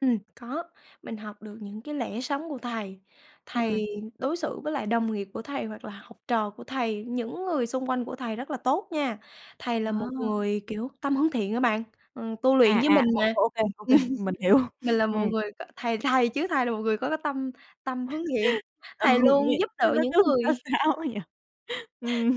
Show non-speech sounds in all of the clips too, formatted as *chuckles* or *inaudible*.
Ừm, có, mình học được những cái lẽ sống của thầy, Ừm. thầy đối xử với lại đồng nghiệp của thầy hoặc là học trò của thầy, những người xung quanh của thầy rất là tốt nha, thầy là Ờ. một người, kiểu, tâm hướng thiện á bạn, ờ, tu luyện À, với à, mình mà. ô ô kê, ô kê, mình hiểu. *laughs* Mình là một Ừm. người có thầy thầy chứ thầy là một người có tâm tâm hướng thiện, *laughs* thầy Ừ, luôn nghe giúp nó đỡ nó những cứ sao người sao ấy nhỉ?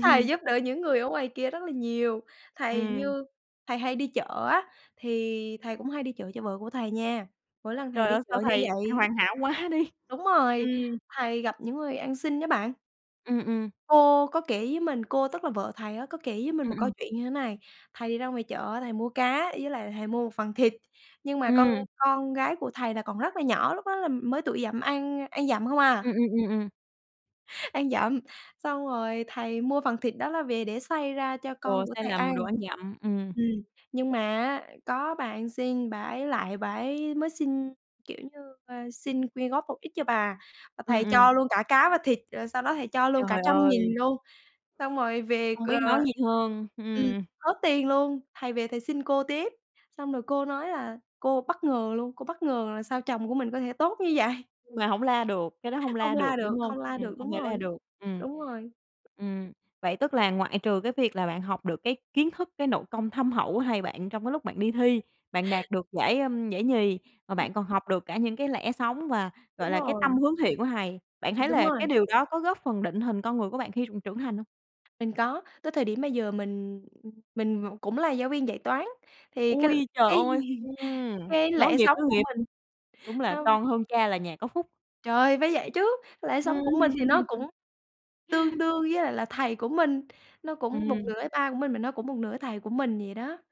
Thầy giúp đỡ những *chuckles* người ở ngoài kia rất là nhiều, thầy Ừm. như thầy hay đi chợ á, thì thầy cũng hay đi chợ cho vợ của thầy nha, mỗi lần thầy Trời đi ơi, chợ sao như thầy thầy vậy hoàn hảo quá đi, đúng rồi, ừm. thầy gặp những người ăn xin á bạn. Ừm, ừm. Cô có kể với mình, cô, tức là vợ thầy á có kể với mình Ừm, một câu ừm. chuyện như thế này, thầy đi ra ngoài chợ á, thầy mua cá với lại thầy mua một phần thịt, nhưng mà con Ừm. con gái của thầy là còn rất là nhỏ, lúc đó là mới tuổi dặm ăn ăn dặm không à. Ừm, ừm, ừm, ừm. Ăn dặm, xong rồi thầy mua phần thịt đó là về để xay ra cho con Ồ, của sai thầy ăn. lầm, đồ ăn dặm, ừm. Ừm, nhưng mà á, có bà ăn xin bà ấy lại bà ấy mới xin, kiểu như, ơ, xin quyên góp một ít cho bà, và Ừm, thầy ừm. cho luôn cả cá và thịt, rồi sau đó thầy cho luôn cả Trời 100.000 ơi. luôn, xong rồi về, Không ờ, biết nói gì hơn, ừm, ừm. hết tiền luôn, thầy về thầy xin cô tiếp, xong rồi cô nói là cô bất ngờ luôn, cô bất ngờ là sao chồng của mình có thể tốt như vậy. Nhưng mà hổng la được, cái đó hông Không la được, la được, đúng hông? không la Ừm, được, không đúng thể rồi, la được, ừm. đúng rồi. Ừm, vậy tức là ngoại trừ cái việc là bạn học được cái kiến thức, cái nội công thâm hậu của thầy bạn trong cái lúc bạn đi thi, bạn đạt được giải, ơm, giải nhì, mà Ừm. bạn còn học được cả những cái lẽ sống và, gọi Đúng là, cái tâm rồi. hướng thiện của thầy, bạn Ừm, thấy đúng là rồi. cái điều đó có góp phần định hình con người của bạn khi trường trưởng thành hông? Mình có, tới thời điểm bây giờ mình, ừm, mình v cũng là giáo viên dạy toán, thì cái l Ôi, trời cái ơi, *laughs* ừm, cái nối lẽ nghiệp, sống nối của nghiệp. mình, Đúng là nó con hơn cha là nhà có phúc. Trời, phải vậy chứ, lẽ Ừm. sống của mình thì nó *laughs* cũng tương đương với lại là thầy của mình, nó cũng một Ừm. nửa với ba của mình, mà nó cũng một nửa thầy của mình vậy đó.